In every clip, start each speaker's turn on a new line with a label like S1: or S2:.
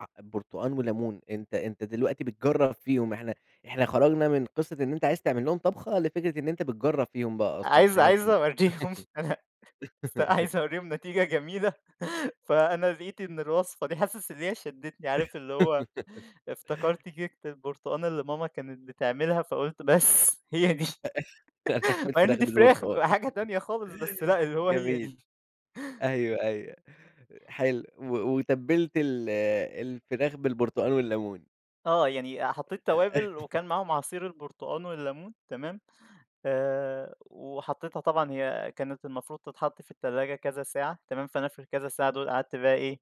S1: أ برتقان وليمون، أنت أنت دلوقتي بتجرب فيهم، إحنا إحنا خرجنا من قصة إن أنت عايز تعمل لهم طبخة، لفكرة إن أنت بتجرّب فيهم بقى أصلًا
S2: عايز
S1: حاجة
S2: عايز
S1: جديدة.
S2: أوريهم إن أنا أس عايز أوريهم نتيجة جميلة، فأنا لقيت إن الوصفة دي، حاسس إن هي شدّتني، عارف اللي هو افتكرت كيكة البرتقان اللي ماما كانت بتعملها، فقلت بس هي دي،
S1: هتعمل
S2: مع إن
S1: فراخ
S2: دي فراخ،
S1: بالبرتقان.
S2: حاجة تانية خالص، بس لا اللي هو هي
S1: جميل،
S2: دي.
S1: أيوه، أيوه، حلو و وتبِّلت ال الفراخ بالبرتقان والليمون.
S2: آه، يعني آآ، حطيت
S1: ده
S2: توابل وكان معاهم عصير البرتقان والليمون، تمام، آآ، وحطيتها طبعًا هي كانت المفروض تتحط في التلاجة كذا ساعة تمام، فأنا في الكذا ساعة دول قعدت بقى إيه،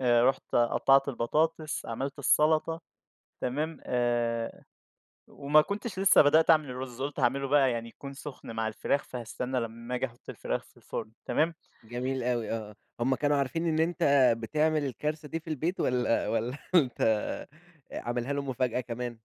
S2: آآ، رُحت قطّعت البطاطس، عملت السلطة، تمام آآ، وما كنتش لسه بدأت أعمل الرُز قُلت هاعمله بقى يعني يكون سخن مع الفراخ، فهاستنى لما آجي أحط الفراخ في الفرن، تمام.
S1: جميل أوي، آه، هم كانوا عارفين إن أنت بتعمل الكارثة دي في البيت والَّا والَّا أنت آآ، عاملها لهم مفاجأة كمان؟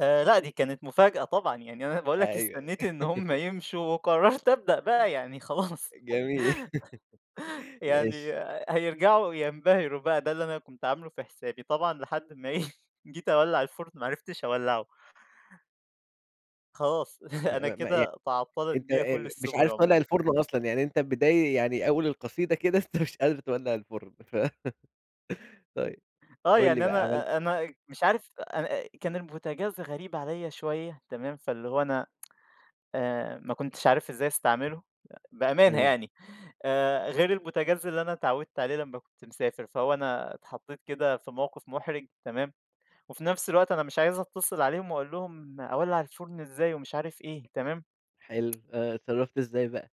S2: آآ، لأ دي كانت مفاجأة طبعًا، يعني أنا باقول لك
S1: أيوه.
S2: استنيت إن هم يمشوا وقرّرت أبدأ بقى يعني خلاص،
S1: جميل،
S2: يعني
S1: ماشي.
S2: هيرجعوا ينبهروا بقى، ده اللي أنا كنت عاملُه في حسابي. طبعًا لحد ما إيه، جيت أولّع الفرن، ما عرفتش أولّعه. خلاص،
S1: ما
S2: أنا
S1: ما ما يعني
S2: كده تعطلت
S1: أنت أنت
S2: بيا
S1: أ
S2: كل
S1: أ مش
S2: السُبُل
S1: عارف تولّع
S2: عمومًا.
S1: الفرن أصلًا، يعني أنت بداي يعني أول القصيدة كده أنت مش قادر تولع الفرن ف طيب،
S2: آه،
S1: قُل لي
S2: يعني
S1: بقى عملت
S2: أنا أ أنا مش عارف أ أنا أ كان البوتاجاز غريب عليَّ شوية، تمام، فاللي هو أنا آآ، ما كنتش عارف إزاي أستعملُه، بأمانة
S1: امم.
S2: يعني، آآ، غير البوتاجاز اللي أنا اتعوِّدت عليه لمّا كنت مسافر، فهو أنا اتحطيت كده في موقف محرج تمام، وفي نفس الوقت أنا مش عايز أتصل عليهم وأقول لهم أولّع الفرن إزاي، ومش عارف إيه، تمام.
S1: حلو، آه، اتصرفت إزاي بقى؟